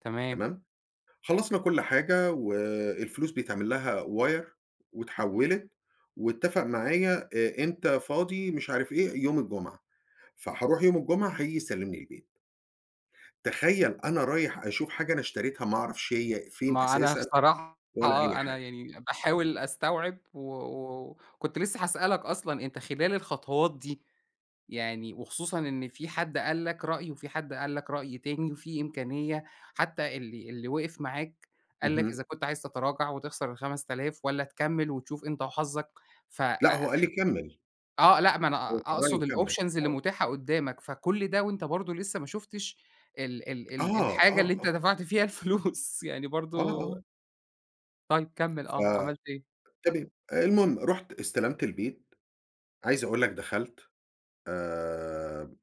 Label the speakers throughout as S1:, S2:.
S1: تمام.
S2: تمام؟ خلصنا كُلّ حاجة، و الفلوس بيتعملها wire، واتحولت، واتفق معايا، آآ، إمتي فاضي مش عارف إيه يوم الجمعة. فهاروح يوم الجمعة هييجي يسلمني البيت. تخيل أنا رايح أشوف حاجة أنا اشتريتها ما أعرفش هي فين
S1: ما أنا
S2: أساسًا
S1: بصراحة
S2: ولا أي
S1: آه، أنا
S2: حاجة.
S1: يعني باحاول أستوعب، و وكنت لسه هاسألك أصلًا، أنت خلال الخطوات دي، يعني وخصوصًا إن فيه حد قال لك رأي وفي حد قال لك رأي تاني، وفيه إمكانية حتى اللي، اللي وقف معاك قال لك
S2: اهم.
S1: إذا كنت عايز تتراجع وتخسر ال5000 والَّا تكمل وتشوف أنت وحظك. ف
S2: لأ،
S1: آآ
S2: هو قال لي كمل.
S1: آه لأ ما أنا
S2: [unintelligible]
S1: أقصد
S2: وكمل
S1: الoptions اللي
S2: آه.
S1: متاحة قدامك. فكُلّ ده وأنت برضو لسه ما شُفتش ال ال
S2: آه،
S1: ال الحاجة
S2: آه.
S1: اللي أنت
S2: آه.
S1: دفعت فيها الفلوس يعني برضو
S2: آه.آه.
S1: طيب كمل
S2: ف
S1: آه، عملت إيه؟
S2: تمام، آآ، المهم رُحت استلمت البيت. عايز أقول لك دخلت، آآ،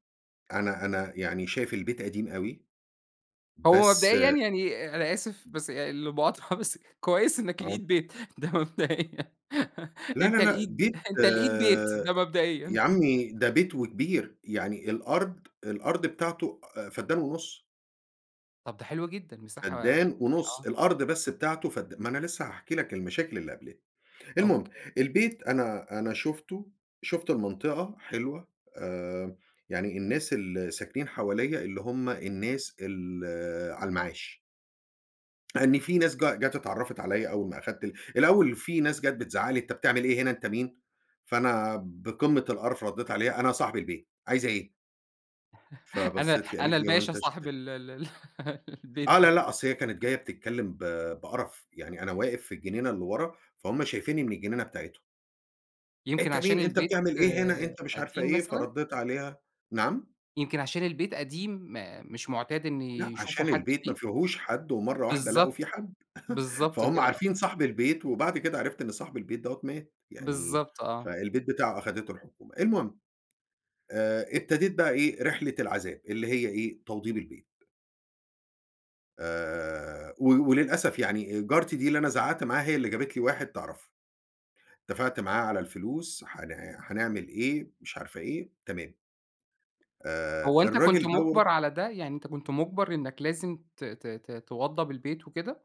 S2: أنا أنا يعني شايف البيت قديم أوي،
S1: هو
S2: بس
S1: مبدئيًا يعني أنا آسف
S2: امم.
S1: بس آآ، المقاطعة بس كويس إنك
S2: آه.
S1: لقيت بيت، ده مبدئيًا.
S2: لا، لا،
S1: أنت
S2: لأ،
S1: لقيت،
S2: بيت،
S1: أنت لقيت بيت،
S2: آآ،
S1: ده
S2: يا
S1: مبدئيًا.
S2: عمي ده بيت وكبير. يعني الأرض الأرض بتاعته، آآ، فدان ونُّص.
S1: طب ده حلو جدًا، مساحة يعني
S2: فدان ونُّص،
S1: آه.
S2: الأرض بس بتاعته فدا ما أنا لسة هاحكي لك المشاكل اللي قبلتني. المهم،
S1: أوكي.
S2: البيت أنا، أنا شُفته، شُفت المنطقة حلوة، آآ، يعني الناس الـلي ساكنين حواليّ اللي هُم الناس ال على المعاش. لأن في ناس جا جات اتعرفت عليّا أول ما أخدت الأول في ناس جات بتزعق لي: "أنت بتعمل إيه هنا؟ أنت مين؟" فأنا بقمة القرف رديت عليها: "أنا صاحب البيت. عايزة إيه؟"
S1: أنا
S2: فبصت لي
S1: أنا
S2: قالت لي: "هو
S1: الباشا
S2: انت اشت"
S1: صاحب ال ال ال البيت
S2: آه، لا،
S1: ده.
S2: لا، أصل هي كانت جاية بتتكلم ب بقرف. يعني أنا واقف في الجنينة اللي ورا، فهُم شايفيني من الجنينة بتاعتهم.
S1: يمكن
S2: أنت
S1: عشان
S2: مين؟ أنت
S1: البيت
S2: بتعمل إيه هنا؟
S1: آآ،
S2: أنت مش عارفة
S1: قديم
S2: إيه.
S1: مثلًا؟
S2: فرديت عليها. نعم؟
S1: يمكن عشان البيت قديم، ما مش معتاد إن
S2: لأ،
S1: يشوفوا
S2: عشان
S1: حد
S2: البيت ما
S1: فيه؟
S2: فيهوش حد، ومرّة واحدة لقوا فيه
S1: بالضبط،
S2: حد.
S1: بالضبط
S2: فهُم
S1: كده آه.
S2: عارفين صاحب البيت، وبعد كده عرفت إن صاحب البيت دوّة مات. يعني،
S1: بالضبط آه.
S2: فالبيت بتاعه أخدته الحكومة. المهم. آآ، ابتديت بقى إيه؟ رحلة العذاب، اللي هي إيه؟ توضيب البيت. آآ، و وللأسف يعني جارتي دي اللي أنا زعقت معاها هي اللي جابت لي واحد تعرفه. اتفقت معاه على الفلوس، هن هنعمل إيه، مش عارفة إيه، تمام. آآ،
S1: هو أنت كنت
S2: الراجل دوّة
S1: مُجبر على ده؟ يعني أنت كنت مُجبر إنك لازم ت ت ت توضب البيت وكده؟